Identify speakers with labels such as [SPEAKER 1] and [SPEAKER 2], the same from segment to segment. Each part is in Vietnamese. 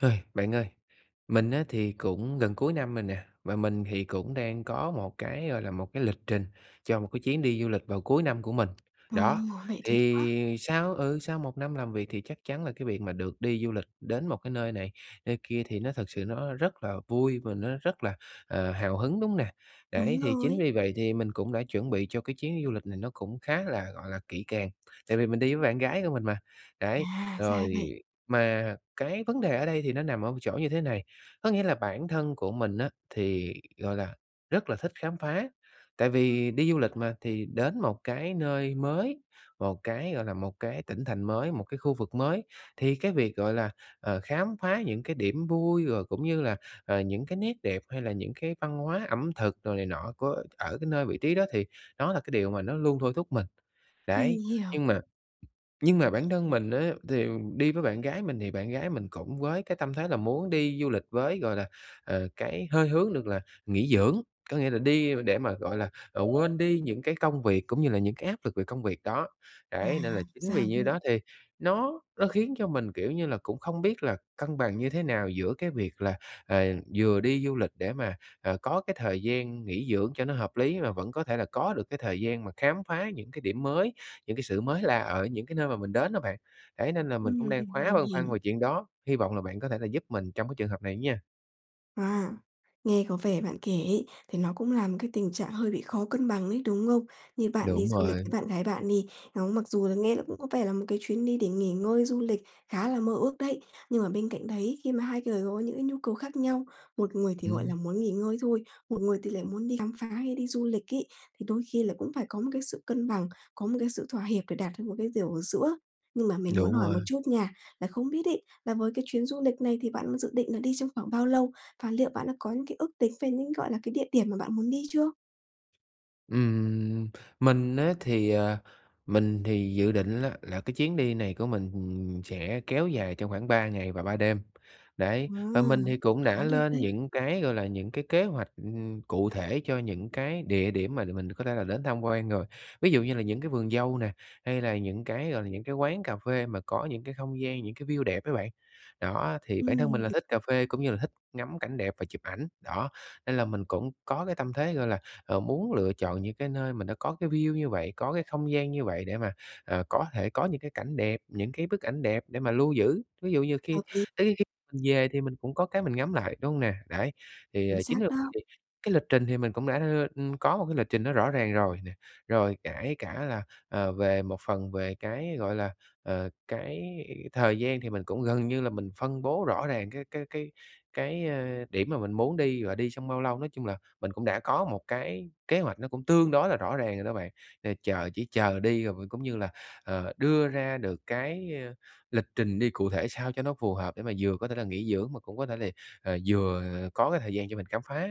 [SPEAKER 1] Ơi, bạn ơi. Mình á, thì cũng gần cuối năm rồi nè. Và mình thì cũng đang có một cái, gọi là, một cái lịch trình cho một cái chuyến đi du lịch vào cuối năm của mình.
[SPEAKER 2] Ờ!
[SPEAKER 1] Đó,
[SPEAKER 2] Vậy tuyệt quá.
[SPEAKER 1] thì sau ừ, sau một năm làm việc, thì chắc chắn là cái việc mà được đi du lịch đến một cái nơi này, nơi kia thì nó thực sự nó rất là vui và nó rất là, ờ, hào hứng, đúng hông nè? Đấy,
[SPEAKER 2] Đúng
[SPEAKER 1] thì chính
[SPEAKER 2] rồi.
[SPEAKER 1] vì vậy thì mình cũng đã chuẩn bị cho cái chuyến du lịch này nó cũng khá là, gọi là, kỹ càng. Tại vì mình đi với bạn gái của mình mà. Đấy,
[SPEAKER 2] À! Ra
[SPEAKER 1] rồi
[SPEAKER 2] vậy.
[SPEAKER 1] mà cái vấn đề ở đây thì nó nằm ở một chỗ như thế này. Có nghĩa là bản thân của mình á, thì, gọi là, rất là thích khám phá. Tại vì đi du lịch mà, thì đến một cái nơi mới, một cái, gọi là, một cái tỉnh thành mới, một cái khu vực mới, thì cái việc, gọi là, ờ, khám phá những cái điểm vui rồi cũng như là, ờ, những cái nét đẹp hay là những cái văn hóa ẩm thực rồi này nọ của ở cái nơi, vị trí đó thì đó là cái điều mà nó luôn thôi thúc mình.
[SPEAKER 2] Mình
[SPEAKER 1] Đấy,
[SPEAKER 2] hiểu.
[SPEAKER 1] nhưng mà nhưng mà bản thân mình á, thì đi với bạn gái mình thì bạn gái mình cũng với cái tâm thế là muốn đi du lịch với, gọi là, ờ, cái hơi hướng được là nghỉ dưỡng. Có nghĩa là đi để mà, gọi là, ờ, quên đi những cái công việc cũng như là những cái áp lực về công việc đó.
[SPEAKER 2] À!
[SPEAKER 1] Đấy, nên là chính
[SPEAKER 2] Ra
[SPEAKER 1] vì như đó
[SPEAKER 2] vậy.
[SPEAKER 1] thì nó nó khiến cho mình, kiểu như là, cũng không biết là cân bằng như thế nào giữa cái việc là, ờ, vừa đi du lịch để mà, ờ, có cái thời gian nghỉ dưỡng cho nó hợp lý, và vẫn có thể là có được cái thời gian mà khám phá những cái điểm mới, những cái sự mới lạ ở những cái nơi mà mình đến đó bạn. Đấy, nên là mình cũng
[SPEAKER 2] Ừm,
[SPEAKER 1] đang khá
[SPEAKER 2] mình
[SPEAKER 1] băn khoăn
[SPEAKER 2] hiểu.
[SPEAKER 1] về chuyện đó. Hy vọng là bạn có thể là giúp mình trong cái trường hợp này nha.
[SPEAKER 2] À, nghe có vẻ bạn kể ấy thì nó cũng là một cái tình trạng hơi bị khó cân bằng ấy, đúng không? Như bạn đi
[SPEAKER 1] Đúng
[SPEAKER 2] du lịch
[SPEAKER 1] rồi.
[SPEAKER 2] với bạn gái bạn đi, đó, mặc dù nghe là cũng có vẻ là một cái chuyến đi để nghỉ ngơi, du lịch khá là mơ ước đấy, nhưng mà bên cạnh đấy, khi mà hai người có những cái nhu cầu khác nhau, một người thì, gọi là,
[SPEAKER 1] Ừm.
[SPEAKER 2] muốn nghỉ ngơi thôi, một người thì lại muốn đi khám phá hay đi du lịch ấy, thì đôi khi là cũng phải có một cái sự cân bằng, có một cái sự thỏa hiệp để đạt được một cái điều ở giữa. Nhưng mà mình muốn
[SPEAKER 1] Đúng
[SPEAKER 2] hỏi
[SPEAKER 1] rồi.
[SPEAKER 2] một chút nha, là không biết ấy là với cái chuyến du lịch này thì bạn dự định là đi trong khoảng bao lâu, và liệu bạn đã có những cái ước tính về những gọi là cái địa điểm mà bạn muốn đi chưa?
[SPEAKER 1] Ừm, mình á thì, à mình thì dự định á là cái chuyến đi này của mình sẽ kéo dài trong khoảng 3 ngày và 3 đêm. Đấy, và mình
[SPEAKER 2] Wow!
[SPEAKER 1] thì
[SPEAKER 2] Cũng
[SPEAKER 1] cũng đã
[SPEAKER 2] khá được
[SPEAKER 1] lên
[SPEAKER 2] đấy.
[SPEAKER 1] những cái, gọi là, những cái kế hoạch cụ thể cho những cái địa điểm mà để mình có thể là đến tham quan rồi, ví dụ như là những cái vườn dâu nè, hay là những cái, gọi là, những cái quán cà phê mà có những cái không gian, những cái view đẹp đó bạn. Đó, thì bản thân mình
[SPEAKER 2] Ừm,
[SPEAKER 1] là
[SPEAKER 2] h
[SPEAKER 1] thích cà phê cũng như là thích ngắm cảnh đẹp và chụp ảnh, đó, nên là mình cũng có cái tâm thế, gọi là, à, muốn lựa chọn những cái nơi mình đã có cái view như vậy, có cái không gian như vậy để mà, à, có thể có những cái cảnh đẹp, những cái bức ảnh đẹp để mà lưu giữ. Ví dụ như khi
[SPEAKER 2] Hợp lý.
[SPEAKER 1] tới kh mình về thì mình cũng có cái mình ngắm lại, đúng hông nè? Đấy. Thì,
[SPEAKER 2] Chính
[SPEAKER 1] ờ, chính
[SPEAKER 2] xác
[SPEAKER 1] là
[SPEAKER 2] đó.
[SPEAKER 1] đi cái lịch trình thì mình cũng đã đưa có một cái lịch trình nó rõ ràng rồi nè. Rồi kể cả là, ờ, về một phần về cái, gọi là, ờ, cái thời gian thì mình cũng gần như là mình phân bố rõ ràng cái cái cái cái, ờ, điểm mà mình muốn đi và đi trong bao lâu, nói chung là mình cũng đã có một cái kế hoạch nó cũng tương đối là rõ ràng rồi đó bạn. Ờ, chờ chỉ chờ đi rồi vừa cũng như là, ờ, đưa ra được cái lịch trình đi cụ thể sao cho nó phù hợp để mà vừa có thể là nghỉ dưỡng mà cũng có thể là, à, vừa có cái thời gian cho mình khám phá.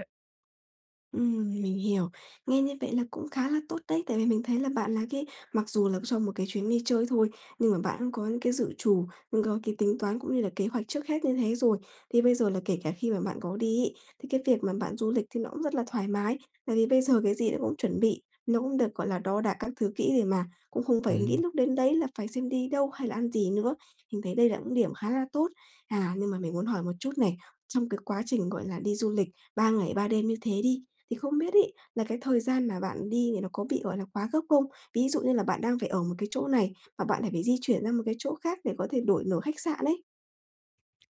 [SPEAKER 2] Ừm, mình hiểu. Nghe như vậy là cũng khá là tốt đấy. Tại vì mình thấy là bạn là cái mặc dù là cho một cái chuyến đi chơi thôi nhưng mà bạn cũng có những cái dự trù, cũng có cái tính toán cũng như là kế hoạch trước hết như thế rồi. Thì bây giờ là kể cả khi mà bạn có đi ấy, thì cái việc mà bạn du lịch thì nó cũng rất là thoải mái, tại vì bây giờ cái gì nó cũng chuẩn bị, nó cũng được, gọi là, đo đạc các thứ kỹ để mà cũng không phải nghĩ
[SPEAKER 1] Ừm.
[SPEAKER 2] lúc đến đấy là phải xem đi đâu hay là ăn gì nữa. Mình thấy đây là những điểm khá là tốt. À, nhưng mà mình muốn hỏi một chút này, trong cái quá trình, gọi là, đi du lịch 3 ngày 3 đêm như thế đi, thì không biết ấy, là cái thời gian mà bạn đi thì nó có bị, gọi là, quá gấp không? Ví dụ như là bạn đang phải ở một cái chỗ này, mà bạn lại phải phải di chuyển ra một cái chỗ khác để có thể đổi nổi khách sạn ấy?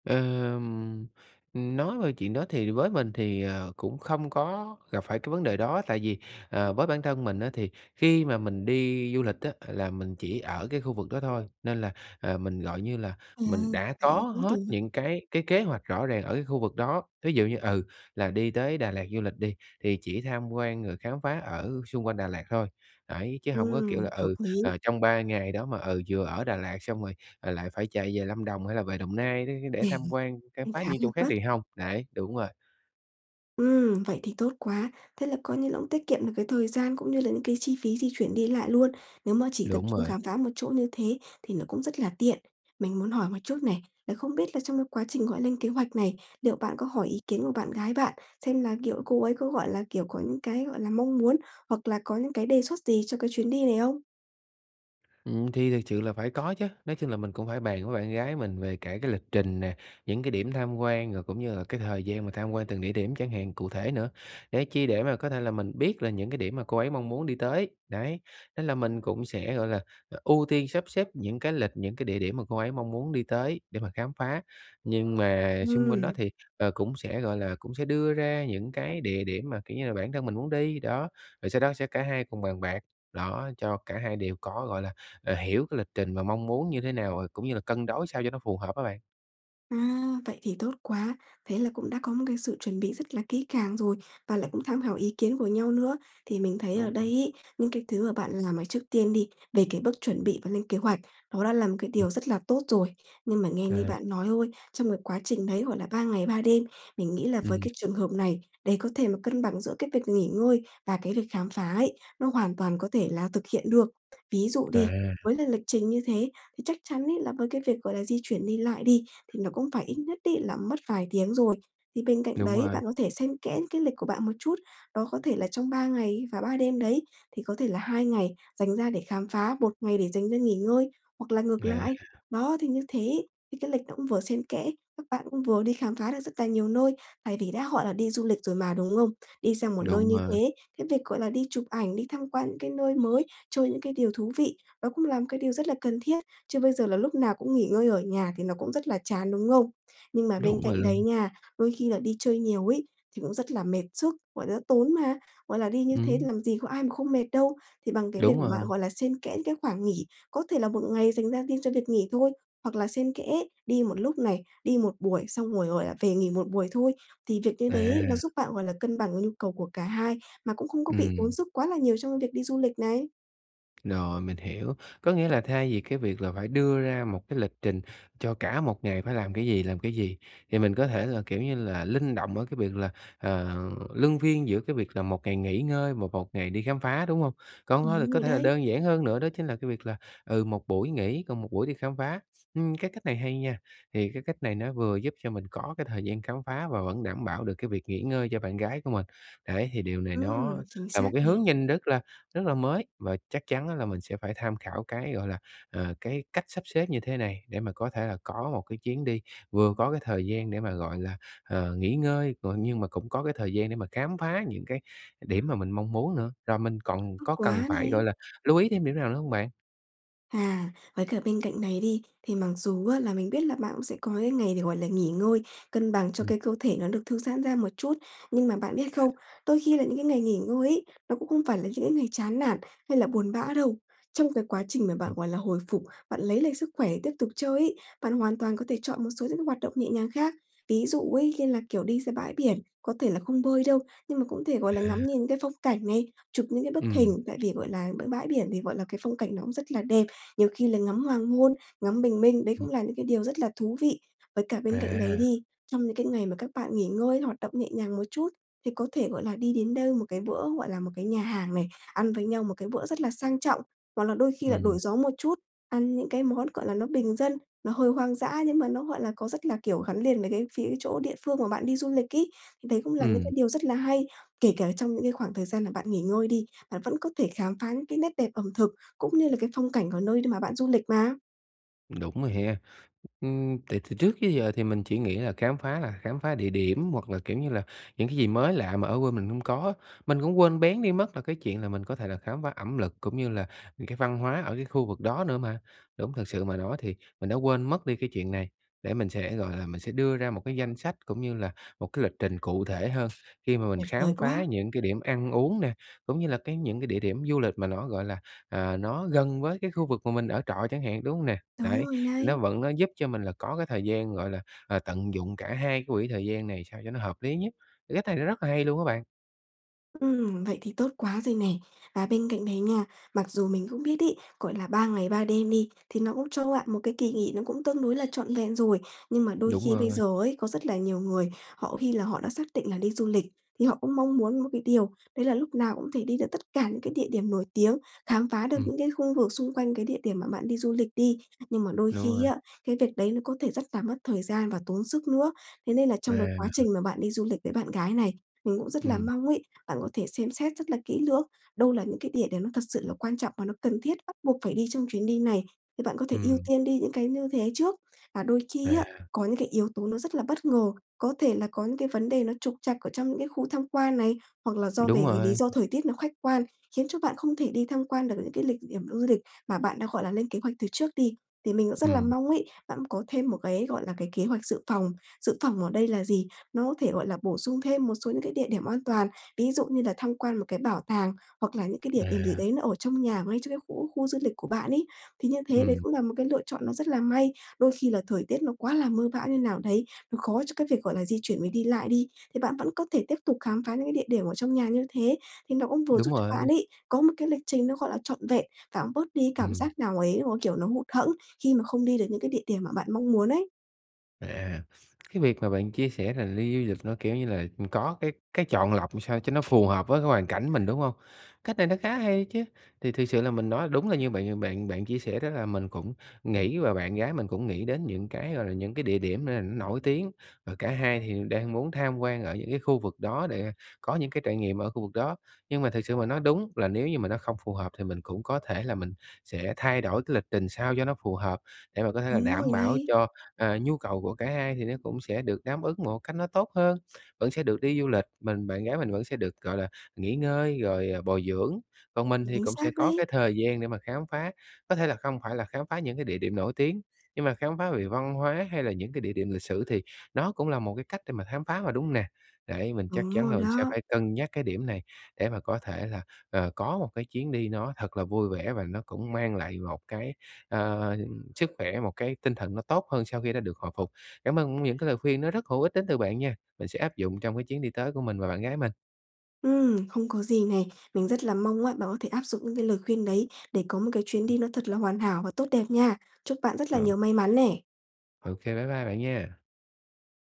[SPEAKER 1] Ờm, ừm, nói về chuyện đó thì với mình thì, ờ, cũng không có gặp phải cái vấn đề đó. Tại vì, ờ, với bản thân mình á, thì khi mà mình đi du lịch á là mình chỉ ở cái khu vực đó thôi, nên là, ờ, mình gọi như là mình
[SPEAKER 2] Ừm,
[SPEAKER 1] đã
[SPEAKER 2] vậy
[SPEAKER 1] có
[SPEAKER 2] thì tốt
[SPEAKER 1] hết
[SPEAKER 2] rồi.
[SPEAKER 1] những cái cái kế hoạch rõ ràng ở cái khu vực đó. Ví dụ như, ừ, là đi tới Đà Lạt du lịch đi, thì chỉ tham quan rồi khám phá ở xung quanh Đà Lạt thôi, đấy, chứ hông có kiểu
[SPEAKER 2] Ừm,
[SPEAKER 1] là,
[SPEAKER 2] hợp
[SPEAKER 1] ừ,
[SPEAKER 2] lý.
[SPEAKER 1] ờ, trong 3 ngày đó mà, ừ, vừa ở Đà Lạt xong rồi, ờ, lại phải chạy về Lâm Đồng hay là về Đồng Nai để để tham quan, khám
[SPEAKER 2] Cũng
[SPEAKER 1] phá
[SPEAKER 2] khá
[SPEAKER 1] những
[SPEAKER 2] là
[SPEAKER 1] chỗ khác
[SPEAKER 2] vất.
[SPEAKER 1] thì hông. Đấy, đúng rồi.
[SPEAKER 2] Ừm, vậy thì tốt quá. Thế là coi như là cũng tiết kiệm được cái thời gian cũng như là những cái chi phí di chuyển đi lại luôn. Nếu mà chỉ tập
[SPEAKER 1] Đúng
[SPEAKER 2] trung
[SPEAKER 1] rồi.
[SPEAKER 2] khám phá một chỗ như thế thì nó cũng rất là tiện. Mình muốn hỏi một chút này, là không biết là trong cái quá trình, gọi lên kế hoạch này, liệu bạn có hỏi ý kiến của bạn gái bạn xem là, kiểu, cô ấy có, gọi là, kiểu, có những cái, gọi là, mong muốn hoặc là có những cái đề xuất gì cho cái chuyến đi này không?
[SPEAKER 1] Ừm, thì thực sự là phải có chớ. Nói chung là mình cũng phải bàn với bạn gái mình về cả cái lịch trình nè, những cái điểm tham quan, rồi cũng như là cái thời gian mà tham quan từng địa điểm chẳng hạn cụ thể nữa. Để chi, để mà có thể là mình biết là những cái điểm mà cô ấy mong muốn đi tới. Đấy, nên là mình cũng sẽ, gọi là, ưu tiên sắp xếp những cái lịch những cái địa điểm mà cô ấy mong muốn đi tới để mà khám phá. Nhưng mà xung quanh đó
[SPEAKER 2] Ừm.
[SPEAKER 1] thì, ờ, cũng sẽ, gọi là, cũng sẽ đưa ra những cái địa điểm mà, kiểu như là, bản thân mình muốn đi. Đó, rồi sau đó sẽ cả hai cùng bàn bạc. Đó, cho cả hai đều có, gọi là, ờ, hiểu cái lịch trình và mong muốn như thế nào cũng như là cân đối sao cho nó phù hợp đó bạn.
[SPEAKER 2] À, vậy thì tốt quá. Thế là cũng đã có một cái sự chuẩn bị rất là kỹ càng rồi và lại cũng tham khảo ý kiến của nhau nữa. Thì mình thấy ở
[SPEAKER 1] Đúng
[SPEAKER 2] đây
[SPEAKER 1] rồi.
[SPEAKER 2] ấy, những cái thứ mà bạn làm, ờ, trước tiên đi, về cái bước chuẩn bị và lên kế hoạch, nó đã là một cái điều rất là tốt rồi. Nhưng mà nghe như
[SPEAKER 1] À!
[SPEAKER 2] bạn nói thôi, trong cái quá trình đấy, gọi là, 3 ngày 3 đêm, mình nghĩ là với
[SPEAKER 1] Ừm.
[SPEAKER 2] cái trường hợp này, để có thể mà cân bằng giữa cái việc nghỉ ngơi và cái lịch khám phá ấy, nó hoàn toàn có thể là thực hiện được. Ví dụ đi,
[SPEAKER 1] À!
[SPEAKER 2] với là lịch trình như thế thì chắc chắn ấy, là mấy cái việc, gọi là, di chuyển đi lại đi, thì nó cũng phải ít nhất ấy là mất vài tiếng rồi. Thì bên cạnh
[SPEAKER 1] Đúng
[SPEAKER 2] đấy,
[SPEAKER 1] rồi.
[SPEAKER 2] bạn có thể xen kẽ cái lịch của bạn một chút. Đó có thể là trong 3 ngày và 3 đêm đấy, thì có thể là 2 ngày dành ra để khám phá, 1 ngày để dành ra nghỉ ngơi hoặc là ngược
[SPEAKER 1] À!
[SPEAKER 2] lại. Đó, thì như thế, thì cái lịch nó cũng vừa xen kẽ, các bạn cũng vừa đi khám phá được rất là nhiều nơi. Tại vì đã gọi là đi du lịch rồi mà, đúng không? Đi sang một nơi
[SPEAKER 1] Đúng
[SPEAKER 2] như
[SPEAKER 1] rồi.
[SPEAKER 2] thế, cái việc, gọi là, đi chụp ảnh, đi tham quan những cái nơi mới, chơi những cái điều thú vị, nó cũng làm cái điều rất là cần thiết. Chứ bây giờ là lúc nào cũng nghỉ ngơi ở nhà thì nó cũng rất là chán, đúng không? Nhưng mà bên
[SPEAKER 1] Đúng rồi
[SPEAKER 2] cạnh đấy
[SPEAKER 1] luôn.
[SPEAKER 2] nha, đôi khi là đi chơi nhiều ấy, thì cũng rất là mệt sức, gọi là, tốn mà, gọi là, đi như thế thì
[SPEAKER 1] Ừm.
[SPEAKER 2] làm gì có ai mà không mệt đâu. Thì bằng cái việc
[SPEAKER 1] Đúng
[SPEAKER 2] mà
[SPEAKER 1] rồi.
[SPEAKER 2] gọi là, xen kẽ những cái khoảng nghỉ, có thể là 1 ngày dành ra đi cho việc nghỉ thôi, hoặc là xen kẽ đi một lúc này, đi 1 buổi xong rồi, gọi là, về nghỉ 1 buổi thôi. Thì việc như đấy nó
[SPEAKER 1] À!
[SPEAKER 2] giúp bạn, gọi là, cân bằng với nhu cầu của cả hai mà cũng không có bị tốn
[SPEAKER 1] Ừm.
[SPEAKER 2] sức quá là nhiều trong cái việc đi du lịch này.
[SPEAKER 1] Rồi mình hiểu, có nghĩa là thay vì cái việc là phải đưa ra một cái lịch trình cho cả một ngày phải làm cái gì, làm cái gì, thì mình có thể là, kiểu như là, linh động ở cái việc là, ờ, luân phiên giữa cái việc là 1 ngày nghỉ ngơi và 1 ngày đi khám phá, đúng hông? Còn hông hôi là
[SPEAKER 2] Đúng
[SPEAKER 1] có
[SPEAKER 2] rồi
[SPEAKER 1] thể là
[SPEAKER 2] đấy.
[SPEAKER 1] đơn giản hơn nữa đó chính là cái việc là, ừ, 1 buổi nghỉ còn 1 buổi đi khám phá. Ưm, cái cách này hay nha, thì cái cách này nó vừa giúp cho mình có cái thời gian khám phá và vẫn đảm bảo được cái việc nghỉ ngơi cho bạn gái của mình. Đấy thì điều này nó
[SPEAKER 2] Ừm, chính
[SPEAKER 1] là một
[SPEAKER 2] xác
[SPEAKER 1] cái
[SPEAKER 2] này.
[SPEAKER 1] hướng nhanh rất là rất là mới và chắc chắn á là mình sẽ phải tham khảo cái, gọi là, à, cái cách sắp xếp như thế này để mà có thể là có một cái chuyến đi, vừa có cái thời gian để mà, gọi là, ờ, nghỉ ngơi, g nhưng mà cũng có cái thời gian để mà khám phá những cái điểm mà mình mong muốn nữa, rồi mình còn
[SPEAKER 2] Tốt
[SPEAKER 1] có cần
[SPEAKER 2] quá
[SPEAKER 1] phải, gọi
[SPEAKER 2] này!
[SPEAKER 1] là, lưu ý thêm điểm nào nữa hông bạn?
[SPEAKER 2] À, với cả bên cạnh này đi, thì mặc dù á là mình biết là bạn cũng sẽ có cái ngày để, gọi là, nghỉ ngơi, cân bằng cho
[SPEAKER 1] Ừm.
[SPEAKER 2] cái cơ thể nó được thư giãn ra một chút. Nhưng mà bạn biết
[SPEAKER 1] À.
[SPEAKER 2] không, đôi khi là những cái ngày nghỉ ngơi ấy, nó cũng không phải là những cái ngày chán nản hay là buồn bã đâu. Trong cái quá trình mà
[SPEAKER 1] Ừm.
[SPEAKER 2] bạn, gọi là, hồi phục, bạn lấy lại sức khỏe tiếp tục chơi ấy, bạn hoàn toàn có thể chọn một số những cái hoạt động nhẹ nhàng khác. Ví dụ ấy như là, kiểu, đi ra bãi biển, có thể là không bơi đâu, nhưng mà cũng thể, gọi là, ngắm
[SPEAKER 1] À.
[SPEAKER 2] nhìn cái phong cảnh này, chụp những cái bức
[SPEAKER 1] Ừm.
[SPEAKER 2] hình, tại vì, gọi là, b bãi biển thì, gọi là, cái phong cảnh nó cũng rất là đẹp, nhiều khi là ngắm hoàng hôn, ngắm bình minh, đấy cũng
[SPEAKER 1] Ừm.
[SPEAKER 2] là những cái điều rất là thú vị. Với cả bên cạnh đấy
[SPEAKER 1] À.
[SPEAKER 2] đi, trong những cái ngày mà các bạn nghỉ ngơi, hoạt động nhẹ nhàng một chút thì có thể, gọi là, đi đến đâu một cái bữa, gọi là, một cái nhà hàng này, ăn với nhau một cái bữa rất là sang trọng, hoặc là đôi khi là đổi
[SPEAKER 1] Ừm.
[SPEAKER 2] gió một chút, ăn những cái món, gọi là, nó bình dân, nó hơi hoang dã nhưng mà nó, gọi là, có rất là, kiểu, gắn liền với cái phía chỗ địa phương mà bạn đi du lịch ấy, thì đấy cũng là những cái
[SPEAKER 1] Ừm.
[SPEAKER 2] điều rất là hay. Kể cả trong những cái khoảng thời gian là bạn nghỉ ngơi đi, bạn vẫn có thể khám phá những cái nét đẹp ẩm thực cũng như là cái phong cảnh của nơi đ mà bạn du lịch mà.
[SPEAKER 1] Ừm, đúng rồi ha, ưm, tại từ trước tới giờ thì mình chỉ nghĩ là khám phá là khám phá địa điểm hoặc là, kiểu như là, những cái gì mới lạ mà ở quê mình hông có, mình cũng quên béng đi mất là cái chuyện là mình có thể là khám phá ẩm lực, cũng như là những cái văn hóa ở cái khu vực đó nữa mà. Đúng thật sự mà nói thì mình đã quên mất đi cái chuyện này, để mình sẽ, gọi là, mình sẽ đưa ra một cái danh sách cũng như là một cái lịch trình cụ thể hơn, khi mà mình
[SPEAKER 2] Tuyệt vời
[SPEAKER 1] khám phá
[SPEAKER 2] quá.
[SPEAKER 1] những cái điểm ăn uống nè, cũng như là cái những cái địa điểm du lịch mà nó, gọi là, à, nó gần với cái khu vực mà mình ở trọ chẳng hạn, đúng hông nè?
[SPEAKER 2] Đúng
[SPEAKER 1] Đấy,
[SPEAKER 2] rồi
[SPEAKER 1] thì nó
[SPEAKER 2] đấy!
[SPEAKER 1] vẫn nó giúp cho mình là có cái thời gian, gọi là, ờ, tận dụng cả hai cái quỹ thời gian này sao cho nó hợp lý nhất, cách này nó rất là hay luôn á bạn.
[SPEAKER 2] Ưm, vậy thì tốt quá rồi nè. Và bên cạnh đấy nha, mặc dù mình cũng biết ấy, gọi là 3 ngày 3 đêm đi thì nó cũng cho bạn một cái kỳ nghỉ nó cũng tương đối là trọn vẹn rồi. Nhưng mà đôi
[SPEAKER 1] Đúng
[SPEAKER 2] khi bây
[SPEAKER 1] rồi.
[SPEAKER 2] giờ ấy, có rất là nhiều người họ khi là họ đã xác định là đi du lịch, thì họ cũng mong muốn một cái điều đấy là lúc nào cũng có thể đi được tất cả những cái địa điểm nổi tiếng, khám phá được
[SPEAKER 1] Ừm.
[SPEAKER 2] những cái khu vực xung quanh cái địa điểm mà bạn đi du lịch đi, nhưng mà đôi
[SPEAKER 1] Đúng
[SPEAKER 2] khi
[SPEAKER 1] rồi.
[SPEAKER 2] á, cái việc đấy nó có thể rất là mất thời gian và tốn sức nữa. Thế nên là trong cái quá
[SPEAKER 1] À.
[SPEAKER 2] trình mà bạn đi du lịch với bạn gái này, mình cũng rất là
[SPEAKER 1] Ừm.
[SPEAKER 2] mong ấy, bạn có thể xem xét rất là kỹ lưỡng, đâu là những cái địa điểm nó thật sự là quan trọng và nó cần thiết, bắt buộc phải đi trong chuyến đi này, thì bạn có thể ưu
[SPEAKER 1] Ừm.
[SPEAKER 2] tiên đi những cái như thế trước. Và đôi khi á,
[SPEAKER 1] À.
[SPEAKER 2] có những cái yếu tố nó rất là bất ngờ, có thể là có những cái vấn đề nó trục trặc ở trong những cái khu tham quan này, hoặc là do về
[SPEAKER 1] Đúng
[SPEAKER 2] cái lý
[SPEAKER 1] rồi.
[SPEAKER 2] do thời tiết nó khách quan, khiến cho bạn không thể đi tham quan được những cái lịch địa điểm du lịch mà bạn đã, gọi là, lên kế hoạch từ trước đi, thì mình cũng rất là
[SPEAKER 1] Ừm.
[SPEAKER 2] mong ấy, bạn có thêm một cái, gọi là, cái kế hoạch dự phòng. Dự phòng ở đây là gì? Nó có thể, gọi là, bổ sung thêm một số những cái địa điểm an toàn. Ví dụ như là tham quan một cái bảo tàng, hoặc là những cái địa điểm gì
[SPEAKER 1] À.
[SPEAKER 2] đấy nó ở trong nhà mà ngay trong cái khu khu du lịch của bạn ấy. Thì như thế đấy
[SPEAKER 1] Ừm.
[SPEAKER 2] cũng là một cái lựa chọn nó rất là may, đôi khi là thời tiết nó quá là mưa bão như nào đấy, nó khó cho cái việc, gọi là, di chuyển với đi lại đi, thì bạn vẫn có thể tiếp tục khám phá những cái địa điểm ở trong nhà như thế, thì nó cũng vừa giúp
[SPEAKER 1] Đúng
[SPEAKER 2] cho bạn
[SPEAKER 1] rồi.
[SPEAKER 2] ấy có một cái lịch trình nó, gọi là, trọn vẹn và cũng bớt đi cái cảm
[SPEAKER 1] Ừm.
[SPEAKER 2] giác nào ấy, mà cái kiểu nó hụt hẫng khi mà không đi được những cái địa điểm mà bạn mong muốn ấy.
[SPEAKER 1] À, cái việc mà bạn chia sẻ là đi du lịch nó kiểu như là, ừm, có cái cái chọn lọc làm sao cho nó phù hợp với cái hoàn cảnh mình, đúng hông? Cách này nó khá hay chứ. Thì thực sự là mình nói đúng là như bạn bạn bạn chia sẻ đó, là mình cũng nghĩ và bạn gái mình cũng nghĩ đến những cái, gọi là, những cái địa điểm n nổi tiếng, và cả hai thì đang muốn tham quan ở những cái khu vực đó để có những cái trải nghiệm ở khu vực đó. Nhưng mà thực sự mà nói, đúng là nếu như mà nó không phù hợp thì mình cũng có thể là mình sẽ thay đổi cái lịch trình sao cho nó phù hợp, để mà có thể là
[SPEAKER 2] Đúng rồi
[SPEAKER 1] đảm bảo
[SPEAKER 2] đấy.
[SPEAKER 1] cho, ờ, nhu cầu của cả hai thì nó cũng sẽ được đáp ứng một cách nó tốt hơn. Vẫn sẽ được đi du lịch, mình bạn gái mình vẫn sẽ được, gọi là, nghỉ ngơi rồi, ờ, bồi dưỡng, còn mình thì
[SPEAKER 2] Chính
[SPEAKER 1] cũng
[SPEAKER 2] xác
[SPEAKER 1] sẽ có
[SPEAKER 2] đấy.
[SPEAKER 1] cái thời gian để mà khám phá. Có thể là không phải là khám phá những cái địa điểm nổi tiếng, nhưng mà khám phá về văn hóa hay là những cái địa điểm lịch sử thì nó cũng là một cái cách để mà khám phá mà, đúng hông nè? Đấy, mình chắc
[SPEAKER 2] Đúng
[SPEAKER 1] chắn
[SPEAKER 2] rồi
[SPEAKER 1] là mình sẽ
[SPEAKER 2] đó.
[SPEAKER 1] phải cân nhắc cái điểm này, để mà có thể là, ờ, có một cái chuyến đi nó thật là vui vẻ và nó cũng mang lại một cái, ờ, sức khỏe, một cái tinh thần nó tốt hơn sau khi đã được hồi phục. Cảm ơn những cái lời khuyên nó rất hữu ích đến từ bạn nha, mình sẽ áp dụng trong cái chuyến đi tới của mình và bạn gái mình.
[SPEAKER 2] Ừm, không có gì này. Mình rất là mong á bạn có thể áp dụng những cái lời khuyên đấy để có một cái chuyến đi nó thật là hoàn hảo và tốt đẹp nha. Chúc bạn rất là
[SPEAKER 1] Ờ.
[SPEAKER 2] nhiều may mắn nè!
[SPEAKER 1] Ô kê, bye bye bạn nha!